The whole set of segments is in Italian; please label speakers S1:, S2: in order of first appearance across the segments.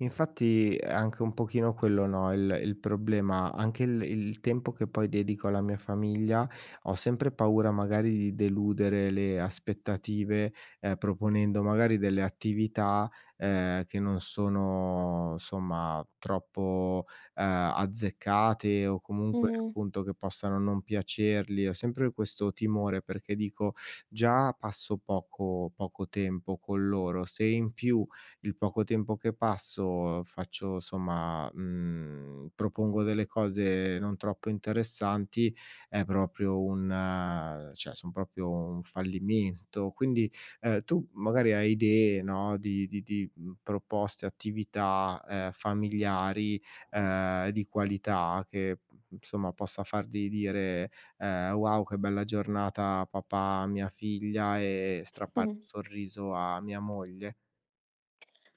S1: Infatti, è anche un pochino quello, no, il il problema. Anche il il tempo che, poi, dedico alla mia famiglia, ho sempre paura, magari, di deludere le aspettative, ehm, proponendo, magari delle attività, ehm, che non sono, insomma, troppo, ehm, azzeccate o, comunque,
S2: Mh-mh.
S1: appunto, che possano non piacerli. Ho sempre questo timore perché, dico: "Già passo poco poco tempo con loro. Se in più il poco tempo che passo, faccio somma, mhmm, propongo delle cose non troppo interessanti, è proprio un cioè, son proprio un fallimento." Quindi, ehm, tu, magari, hai idee, no, di di di, mhmm, proposte, attività, ehm, familiari, ehm, di qualità che, insomma, possa fargli dire, ehm: "Wow che bella giornata papà." A mia figlia e strappare
S2: Mh-mh.
S1: un sorriso a mia moglie?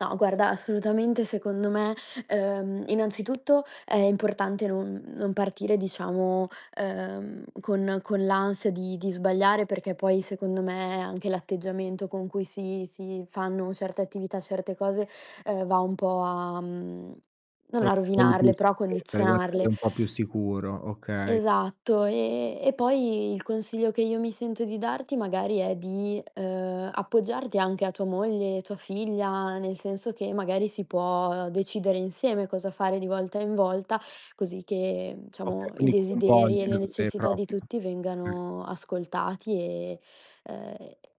S2: No, guarda, assolutamente, secondo me, ehm, innanzitutto, è importante non non partire, diciamo, ehm, con con l'ansia di di sbagliare, perché poi, secondo me, anche l'atteggiamento con cui si si fanno certe attività, certe cose, ehm, va un po' a mhmm, non a
S1: Ok quindi più
S2: rovinarle, però a
S1: sicurezza. Devo essere
S2: condizionarle.
S1: un po' più sicuro, okay.
S2: Esatto. Ehm, e poi il consiglio che io mi sento di darti, magari, è di, ehm, appoggiarti anche a tua moglie, tua figlia, nel senso che, magari, si può decidere insieme cosa fare di volta in volta, così che,
S1: Okay,
S2: diciamo, i
S1: quindi,
S2: desideri e le
S1: coinvolgerle
S2: necessità di
S1: proprio.
S2: tutti
S1: Okay.
S2: vengano ascoltati e ehm,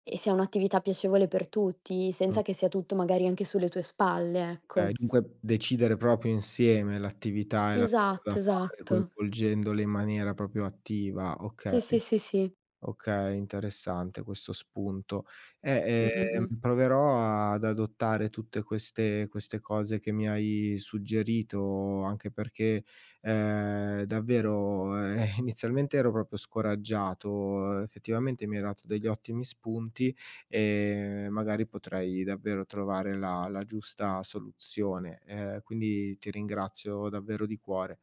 S2: e sia un'attività piacevole per tutti, senza
S1: Mh.
S2: che sia tutto, magari, anche sulle tue spalle,
S1: Okay,
S2: ecco.
S1: dunque, decidere proprio insieme l'attività e la cosa da
S2: Esatto,
S1: fare,
S2: esatto.
S1: coinvolgendole in maniera proprio attiva,
S2: Sì, sì,
S1: okay.
S2: sì, sì.
S1: Okay, interessante questo spunto. Eh,
S2: Mh-mh,
S1: ehm,
S2: mh.
S1: proverò ad adottare tutte queste queste cose che mi hai suggerito. Anche perché, ehm, davvero, e inizialmente, ero proprio scoraggiato. Effettivamente, mi hai dato degli ottimi spunti, ehm, magari, potrai davvero trovare la la giusta soluzione. Ehm, quindi, ti ringrazio davvero di cuore.